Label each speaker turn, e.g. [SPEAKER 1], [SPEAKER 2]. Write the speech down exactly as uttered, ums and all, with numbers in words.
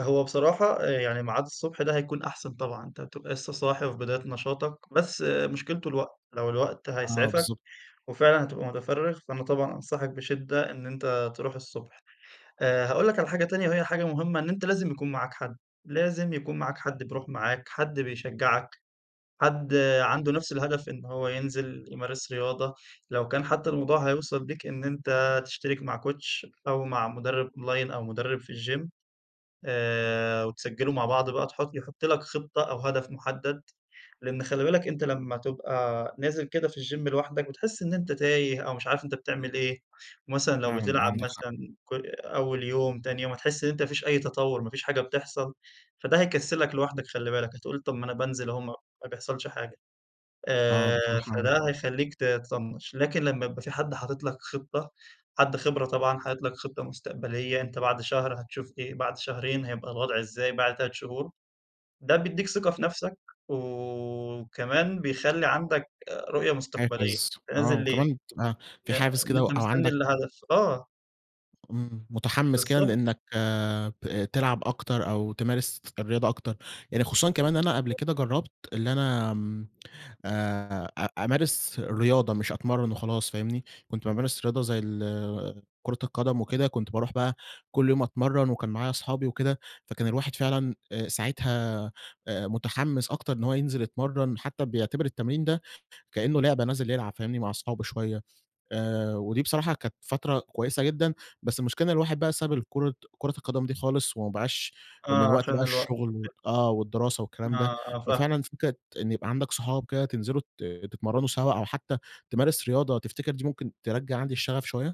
[SPEAKER 1] هو بصراحة، آآ يعني ميعاد الصبح ده هيكون أحسن طبعًا، أنت بتبقى لسّه صاحي وفي بداية نشاطَك، بس مشكلته الوقت، لو الوقت
[SPEAKER 2] آه
[SPEAKER 1] هيسعفَك
[SPEAKER 2] بالضبط.
[SPEAKER 1] وفعلًا هتبقى مُتفرِّغ، فأنا طبعًا أنصحَك بشدّة إن أنت تروح الصبح، آآ هاقول لَك على حاجة تانية وهي حاجة مُهمّة إن أنت لازم يكون معاك حد، لازم يكون معاك حد بيروح معاك، حد بيشجَّعك، حد عنده نفس الهدف إن هو ينزل يمارس رياضة، لو كان حتى الموضوع هيوصل بيك إن أنت تشترك مع Coach أو مع مُدرِّب اونلاين، أو مُدرِّب في الجيم آآ وتسجلوا مع بعض بقى تحط يحُط لَك خطّة أو هدف محدد، لأن خلِّ بالك أنت لمّا تبقى نازل كده في الجيم لوحدَك، بتحس إن أنت تايه أو مش عارف أنت بتعمل إيه، مثلًا لو
[SPEAKER 2] فعلًا
[SPEAKER 1] بتلعب
[SPEAKER 2] عندَك حق.
[SPEAKER 1] مثلًا كُ أول يوم تاني يوم هتحس إن أنت ما فيش أي تطور، ما فيش حاجة بتحصل، فده هيكسّلَك لوحدَك خلِّ بالك، هتقول طب ما أنا بانزل أهو ما ما بيحصلش حاجة،
[SPEAKER 2] آه
[SPEAKER 1] آآ
[SPEAKER 2] بصراحة أ
[SPEAKER 1] فده هيخلّيك تطنّش، لكن لمّا يبقى في حد حاطط لَك خطّة، حد خِبرة طبعًا حاطط لَك خطّة مستقبلية، أنت بعد شهر هتشوف إيه، بعد شهرين هيبقى الوضع إزاي، بعد تلات شهور. ده بيدّيك ثقة في نفسك، وكمان بيخَلّي عندك رؤية مستقبلية،
[SPEAKER 2] حافز
[SPEAKER 1] أنت
[SPEAKER 2] آه،
[SPEAKER 1] نازل ليه،
[SPEAKER 2] وكمان تبقى
[SPEAKER 1] ن
[SPEAKER 2] في حافز
[SPEAKER 1] إن
[SPEAKER 2] كده و
[SPEAKER 1] أنت
[SPEAKER 2] أو
[SPEAKER 1] مستني
[SPEAKER 2] عندك
[SPEAKER 1] الهدف آه.
[SPEAKER 2] إمم، مُتحمِّس كده
[SPEAKER 1] بالضبط.
[SPEAKER 2] لأنَّك بت تلعب أكتر، أو تمارس الرياضة أكتر، يعني خصوصًا كمان أنا قبل
[SPEAKER 1] [unintelligible]
[SPEAKER 2] كده جرَّبت إن أنا آمم، آآ، أ أمارس الرياضة، مش أتمرَّن وخلاص، فاهمني؟ كنت بامارس رياضة
[SPEAKER 1] إمم.
[SPEAKER 2] زي ال كورة القدم وكده، كنت باروح بقى كل يوم أتمرَّن وكان معايا أصحابي وكده، فكان الواحد فعلًا آآ ساعتها مُتحِّمس أكتر إن هو ينزل يتمرن، حتى بيعتبر التمرين ده، كأنّه لعبة نازل يلعب، فاهمني؟ مع أصحابه شويّة آآ ودي بصراحة كانت فترة كويسة جدًا، بس المشكلة إن الواحد بقى ساب الكورة كورة القدم دي خالص، وما بقاش من
[SPEAKER 1] آه،
[SPEAKER 2] وقت
[SPEAKER 1] علشان
[SPEAKER 2] بقى
[SPEAKER 1] الوقت
[SPEAKER 2] الشغل ود
[SPEAKER 1] وكده.
[SPEAKER 2] آه، والدراسة والكلام ده،
[SPEAKER 1] آه، آه فاهمَك.
[SPEAKER 2] ففعلًا فكرة إن يبقى عندَك صُحاب كده تنزلوا تت تتمرنوا سوا أو حتى تمارس رياضة، تفتكر دي ممكن ترجَّع عندي الشغف شوية؟